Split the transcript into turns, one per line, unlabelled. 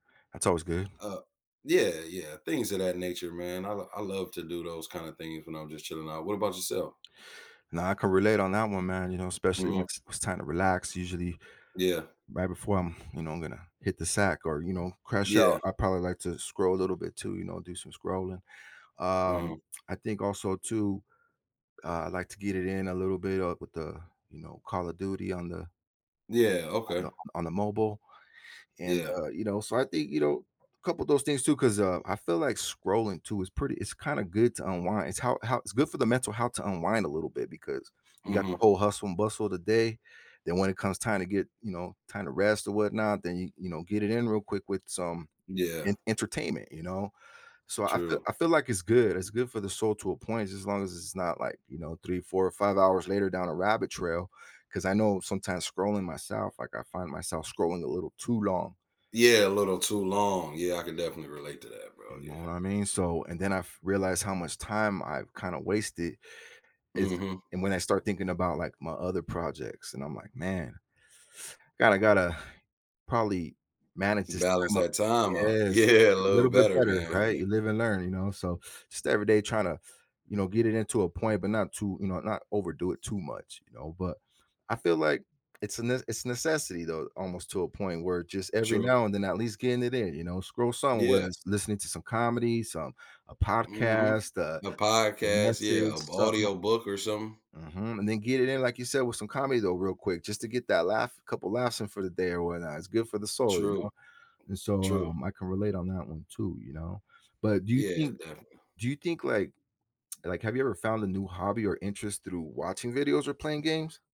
That's always good.
Uh, yeah, yeah, things of that nature, man. l I love to do those kinda things when I'm just chilling out. What about yourself?
Now I can relate on that one, man, you know, especially when
Mhm.
it's it's time to relax, usually,
Yeah.
right before I'm you know, I'm gonna hit the sack or, you know, crash out,
Yeah.
I probably like to scroll a little bit too, you know, do some scrolling. Um,
Uh-huh.
I think also too, uh, I like to get it in a little bit, uh, with the you know, Call Of Duty on the
Yeah,
on
okay.
the on the mobile. And,
Yeah.
uh, you know, so I think, you know, a couple of those things too, 'cause, uh, I feel like scrolling too is pretty it's kinda good to unwind, it's how how it's good for the mental health to unwind a little bit, because you got the
Mhm.
whole hustle and bustle of the day, then when it comes time to get, you know, time to rest or whatnot, then you you know, get it in real quick with some
Yeah.
en entertainment, you know? So I feel
True.
I feel like it's good, it's good for the soul to a point just as long as it's not, like, you know, 3, 4 or 5 hours later down a rabbit trail, 'cause I know sometimes scrolling myself, like, I find myself scrolling a little too long.
Yeah, a little too long, yeah, I can definitely relate to that,
You
bro,
know what
yeah.
I mean? So and then f realized how much time I've kinda wasted, is
Mhm.
and when I start thinking about, like, my other projects and I'm like, "Man gotta gotta probably manage this
Balance
time up."
that time out,
Yes!
yeah, a
A
little
little bit
better
better,
man,
right?
yeah.
You live and learn, you know, so just every day trying to, you know, get it into a point, but not too you know, not overdo it too much, you know, but I feel like it's a n it's necessity though, almost to a point where it just every
True.
now and then at least getting it in, you know, scroll somewhere,
Yeah.
lis listening to some comedy, some a
Mhm.
podcast, a
A
a
podcast, yeah,
message,
a
something
audio book or something.
Mhm, and then get it in, like you said, with some comedy though, real quick, just to get that laugh, a couple of laughs in for the day or whatnot, it's good for the soul, you
True.
know? And so,
True.
um, I can relate on that one too, you know? But do you
Yeah,
think
definite
do you think like like, have you ever found a new hobby or interest through watching videos or playing games?